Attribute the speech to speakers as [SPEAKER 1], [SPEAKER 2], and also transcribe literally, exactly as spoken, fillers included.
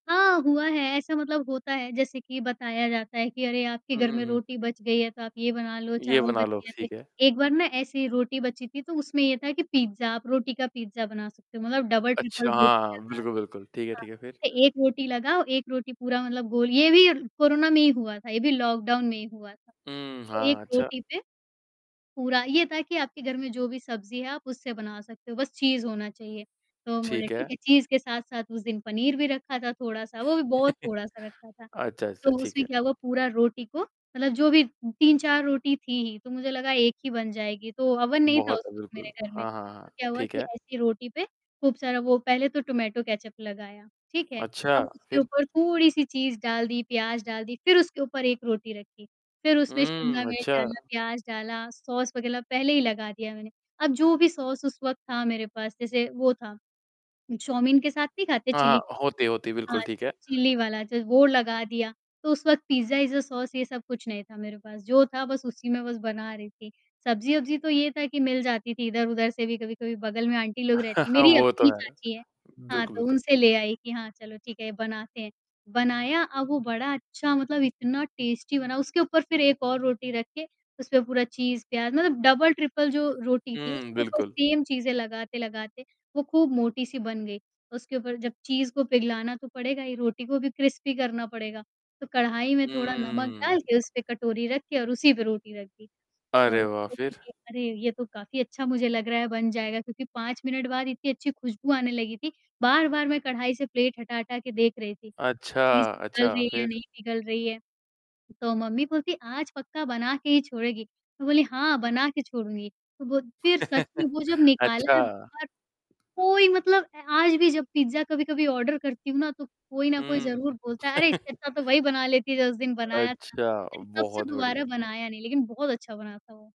[SPEAKER 1] हाँ, हुआ है ऐसा। मतलब, होता है जैसे कि बताया जाता है कि, "अरे, आपके
[SPEAKER 2] हुँ,
[SPEAKER 1] घर
[SPEAKER 2] हुँ,
[SPEAKER 1] में
[SPEAKER 2] हुँ।
[SPEAKER 1] रोटी बच गई है, तो आप ये बना लो।"
[SPEAKER 2] ये
[SPEAKER 1] चावल बन
[SPEAKER 2] बना लो,
[SPEAKER 1] गया त
[SPEAKER 2] ठीक है।
[SPEAKER 1] एक बार ना, ऐसी रोटी बची थी, तो उसमें ये था कि आप पिज़्ज़ा रोटी का पिज़्ज़ा बना सकते हो, मतलब, डबल-ट्रिपल
[SPEAKER 2] अच्छा
[SPEAKER 1] रोटी
[SPEAKER 2] हाँ। बिल्कुल,
[SPEAKER 1] लगाके।
[SPEAKER 2] बिल्कुल, ठीक है
[SPEAKER 1] हाँ,
[SPEAKER 2] ठीक है फिर।
[SPEAKER 1] एक रोटी लगाओ, एक रोटी पूरा मतलब, गोल... ये भी कोरोना में ही हुआ था, ये भी लॉकडाउन में ही हुआ था।
[SPEAKER 2] हुँ।
[SPEAKER 1] तो
[SPEAKER 2] हाँ,
[SPEAKER 1] एक
[SPEAKER 2] अच्छा।
[SPEAKER 1] रोटी पे पूरा ये था कि आपके घर में जो भी सब्ज़ी है, आप उससे बना सकते हो, बस चीज़ होना चाहिए। तो हम बोले,
[SPEAKER 2] ठीक
[SPEAKER 1] "ठीक
[SPEAKER 2] है।
[SPEAKER 1] है।" एक चीज़ के साथ-साथ उस दिन पनीर भी रखा था, थोड़ा-सा, वो भी बहुत थोड़ा-सा रखा था।
[SPEAKER 2] अच्छा, अच्छा,
[SPEAKER 1] तो
[SPEAKER 2] ठीक
[SPEAKER 1] उसमें
[SPEAKER 2] है।
[SPEAKER 1] क्या हुआ, पूरा रोटी को मतलब, जो भी तीन चार रोटी थी ही, तो मुझे लगा एक ही बन जाएगी। तो अवन नहीं था उस
[SPEAKER 2] बहुत है,
[SPEAKER 1] वक़्त मेरे
[SPEAKER 2] बिल्कुल।
[SPEAKER 1] घर में।
[SPEAKER 2] हाँ, हाँ, हाँ,
[SPEAKER 1] क्या हुआ
[SPEAKER 2] ठीक
[SPEAKER 1] कि
[SPEAKER 2] है।
[SPEAKER 1] ऐसी रोटी पे खूब सारा वो पहले तो टमाटो केचप लगाया, ठीक है।
[SPEAKER 2] अच्छा,
[SPEAKER 1] अब उसके
[SPEAKER 2] फिर?
[SPEAKER 1] ऊपर थोड़ी-सी चीज़ डाल दी, प्याज़ डाल दी, फिर उसके ऊपर एक रोटी रखी। फिर उसमें शिमला
[SPEAKER 2] हुँ,
[SPEAKER 1] मिर्च डाला,
[SPEAKER 2] अच्छा।
[SPEAKER 1] प्याज़ डाला, सॉस वग़ैरह पहले ही लगा दिया मैंने। अब जो भी सॉस उस वक़्त था मेरे पास, जैसे वो था उ चौमिन के साथ नहीं खाते
[SPEAKER 2] हाँ,
[SPEAKER 1] चिल्ली के
[SPEAKER 2] हाँ।
[SPEAKER 1] केचप?
[SPEAKER 2] होती होती
[SPEAKER 1] हाँ।
[SPEAKER 2] बिल्कुल ठीक है।
[SPEAKER 1] चिल्ली वाला जो वो लगा दिया। तो उस वक़्त, पिज़्ज़ा इज्जा अ, सॉस ये सब कुछ नहीं था मेरे पास। जो था, बस उसी में बस बना रही थी। सब्ज़ी-अब्ज़ी तो ये था कि मिल जाती थी इधर-उधर से भी। कभी-कभी बगल में आंटी लोग रहतीं मेरी
[SPEAKER 2] वो तो
[SPEAKER 1] अपनी
[SPEAKER 2] है।
[SPEAKER 1] चाची है हाँ,
[SPEAKER 2] बिल्कुल,
[SPEAKER 1] तो
[SPEAKER 2] बिल्कुल।
[SPEAKER 1] उनसे ले आई कि, "हाँ, चलो ठीक है, बनाते हैं।" बनाया। अब वो बड़ा अच्छा मतलब, इतना टेस्टी बना। उसके ऊपर फिर एक और रोटी रख के उसपे पूरा चीज़, प्याज़ मतलब, डबल-ट्रिपल जो रोटी थी,
[SPEAKER 2] हुँ,
[SPEAKER 1] उसके ऊपर
[SPEAKER 2] बिल्कुल।
[SPEAKER 1] सेम चीज़ें लगाते-लगाते वो खूब मोटी-सी बन गई। उसके ऊपर जब चीज़ को पिघलाना तो पड़ेगा। ये रोटी को भी क्रिस्पी करना पड़ेगा। तो कढ़ाई में थोड़ा नमक
[SPEAKER 2] हुँ।
[SPEAKER 1] डाल के, उस पे कटोरी रख के और उसी पे रोटी रख दी। तो
[SPEAKER 2] अरे वाह!
[SPEAKER 1] सोचा
[SPEAKER 2] फिर।
[SPEAKER 1] कि, "अरे, ये तो काफ़ी अच्छा मुझे लग रहा है, बन जाएगा।" क्योंकि पाँच मिनट बाद इतनी अच्छी खुशबू आने लगी थी। बार-बार मैं कढ़ाई से प्लेट हटा हटा के देख रही थी। चीज़
[SPEAKER 2] अच्छा,
[SPEAKER 1] पिघल
[SPEAKER 2] अच्छा।
[SPEAKER 1] रही है या
[SPEAKER 2] फिर?
[SPEAKER 1] नहीं पिघल रही है, तो मम्मी बोलती है, "आज पक्का बना के ही छोड़ेगी।" मैं बोली, "हाँ, बना के छोड़ूँगी।" तो वो फिर सच में वो जब निकाला
[SPEAKER 2] अच्छा।
[SPEAKER 1] है बाहर। कोई मतलब, अ, आज भी जब पिज़्ज़ा कभी-कभी ऑर्डर करती हूँ ना, तो कोई न कोई
[SPEAKER 2] हुँ।
[SPEAKER 1] ज़रूर बोलता है, "अरे! इससे अच्छा तो वही बना लेती जो उस दिन बनाया था।"
[SPEAKER 2] अच्छा,
[SPEAKER 1] तबसे
[SPEAKER 2] बहुत
[SPEAKER 1] दोबारा
[SPEAKER 2] बढ़िया।
[SPEAKER 1] बनाया नहीं, लेकिन बहुत अच्छा बना था वो।